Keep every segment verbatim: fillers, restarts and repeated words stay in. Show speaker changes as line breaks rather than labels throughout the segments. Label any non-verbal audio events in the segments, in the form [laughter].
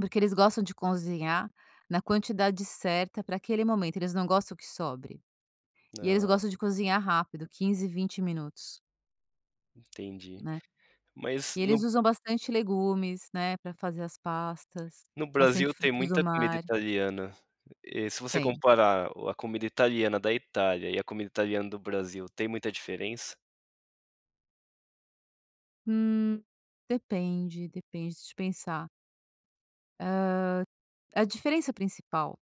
Porque eles gostam de conzinhar na quantidade certa para aquele momento, eles não gostam que sobre. E eles
Ah.
gostam de cozinhar rápido, quinze, vinte minutos.
Entendi.
Né.
Mas
E
no
eles usam bastante legumes, né, para fazer as pastas.
No Brasil
Bastante
tem
frutos do
muita comida
mar.
italiana. E, se você
Tem.
comparar o a comida italiana da Itália e a comida italiana do Brasil, tem muita diferença?
Hum, depende, depende, deixa eu pensar. Hã, a diferença principal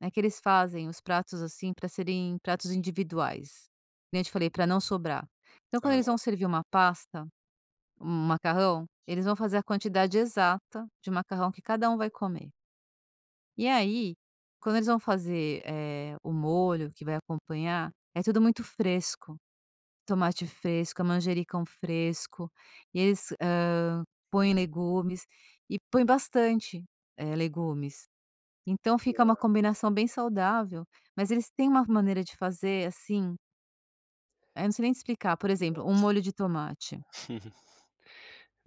é que eles fazem os pratos, assim, para serem pratos individuais. Que nem eu te falei, para não sobrar. Então quando
Ah.
eles vão servir uma pasta, um macarrão, eles vão fazer a quantidade exata de macarrão que cada um vai comer. E aí, quando eles vão fazer, eh, o molho que vai acompanhar, é tudo muito fresco. Tomate fresco, a manjericão fresco, e eles, hã, põem legumes, e põem bastante, eh, legumes. Então fica uma
[unintelligible]
combinação bem saudável, mas eles têm uma maneira de fazer, assim é, não sei nem explicar, por exemplo, um molho
Nossa.
de tomate
[chuckles]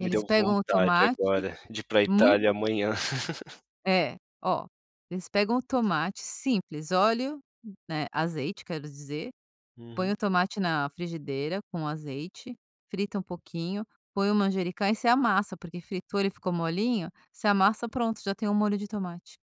Me deu
pegam o
vontade
tomate
agora, de ir para Itália
muito
amanhã. [laughs]
É, ó, eles pegam o tomate, simples, óleo, né, azeite, quero dizer. Põe
Uhum.
o tomate na frigideira com azeite, frita um pouquinho, põe o manjericão e você amassa, porque fritou, ele ficou molinho, você amassa, pronto, já tem o molho de tomate.